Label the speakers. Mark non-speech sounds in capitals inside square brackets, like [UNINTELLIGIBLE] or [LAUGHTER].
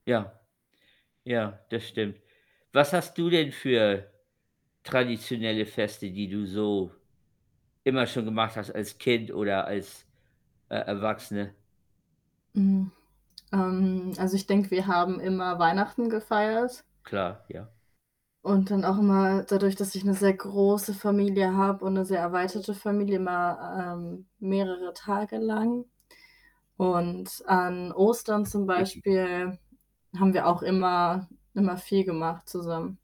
Speaker 1: Ja. Ja, das stimmt. Was hast du denn für traditionelle Feste, die du so immer schon gemacht hast als Kind oder als, äh, Erwachsene?
Speaker 2: Hm, ähm, also ich denke, wir haben immer Weihnachten gefeiert.
Speaker 1: Klar, ja.
Speaker 2: Und dann auch immer dadurch, dass ich 'ne sehr große Familie habe und 'ne sehr
Speaker 1: [UNINTELLIGIBLE]
Speaker 2: erweiterte Familie, immer, ähm, mehrere Tage lang und an Ostern zum
Speaker 1: [UNINTELLIGIBLE]
Speaker 2: Beispiel haben wir auch immer immer viel gemacht zusammen.